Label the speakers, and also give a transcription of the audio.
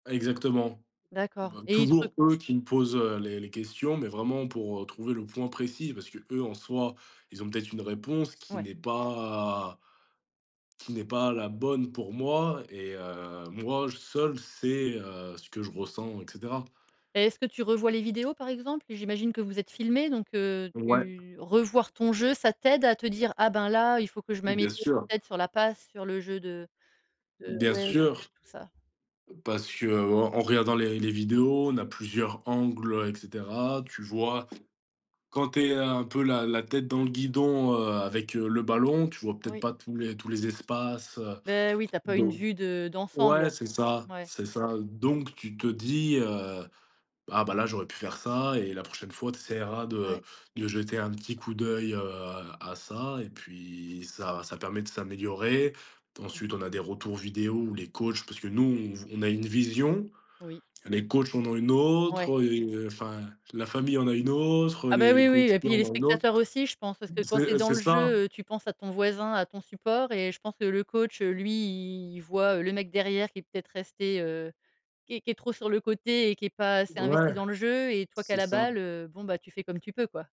Speaker 1: Ah exactement.
Speaker 2: D'accord
Speaker 1: Bah
Speaker 2: et il te re
Speaker 1: toujours eux qui me posent, heu, les les questions, mais vraiment pour, heu, trouver le point précis. Parce qu'eux, en soi, ils ont peut-être une réponse qui
Speaker 2: Ouais.
Speaker 1: n'est pas qui n'est pas la bonne pour moi et heu, moi seul, c'est, heu, ce que je ressens et cetera.
Speaker 2: Et est-ce que tu revois les vidéos, par exemple? J'imagine que vous êtes filmés, donc heu,
Speaker 1: Ouais.
Speaker 2: tu revoir ton jeu, ça t'aide à te dire: «Ah ben là, il faut que je
Speaker 1: Bien
Speaker 2: m'améliore
Speaker 1: sûr.
Speaker 2: peut être sur la passe, sur le jeu de de»
Speaker 1: Bien
Speaker 2: ouais t
Speaker 1: sûr
Speaker 2: tout ça.
Speaker 1: parce qu'en regardant les les vidéos, on a plusieurs angles et cetera. Tu vois? Quand tu es un peu la la tête dans le guidon, heu, avec le ballon, tu vois peut-être
Speaker 2: Oui.
Speaker 1: pas tous les tous les espaces, heu,
Speaker 2: Ben oui, tu as pas une
Speaker 1: donc
Speaker 2: vue de
Speaker 1: ouais,
Speaker 2: d'ensemble.
Speaker 1: c'est ça,
Speaker 2: Ouais.
Speaker 1: c'est ça. Donc, tu te dis, heu: «Bah bah là, j'aurais pu faire ça et la prochaine fois, tu essaieras
Speaker 2: Ouais.
Speaker 1: de de jeter un petit coup d'œil, heu, à ça» et puis ça ça permet de s'améliorer.
Speaker 2: Mmh
Speaker 1: Ensuite
Speaker 2: mh.
Speaker 1: on a des retours vidéos où les coachs, parce que nous on v on a une vision.
Speaker 2: Oui.
Speaker 1: Les coachs en ont une
Speaker 2: Ouais.
Speaker 1: autre et heu enfin la famille en a une autre,
Speaker 2: Ah bah
Speaker 1: les les
Speaker 2: oui,
Speaker 1: co
Speaker 2: oui et
Speaker 1: étudiants
Speaker 2: puis,
Speaker 1: en
Speaker 2: les
Speaker 1: ont une autre.
Speaker 2: spectateurs aussi, je pense. Parce que quand tu es
Speaker 1: C'est
Speaker 2: dans
Speaker 1: c'est
Speaker 2: le
Speaker 1: ça.
Speaker 2: jeu, heu, tu penses à ton voisin, à ton support et je pense que le coach, lui, il voit le mec derrière qui est peut-être resté heu, qui est qui est trop sur le côté et qui est pas assez investi
Speaker 1: Ouais.
Speaker 2: dans le jeu et toi qui a
Speaker 1: C'est
Speaker 2: la
Speaker 1: ça.
Speaker 2: balle, heu, bon, tu fais comme tu peux, quoi.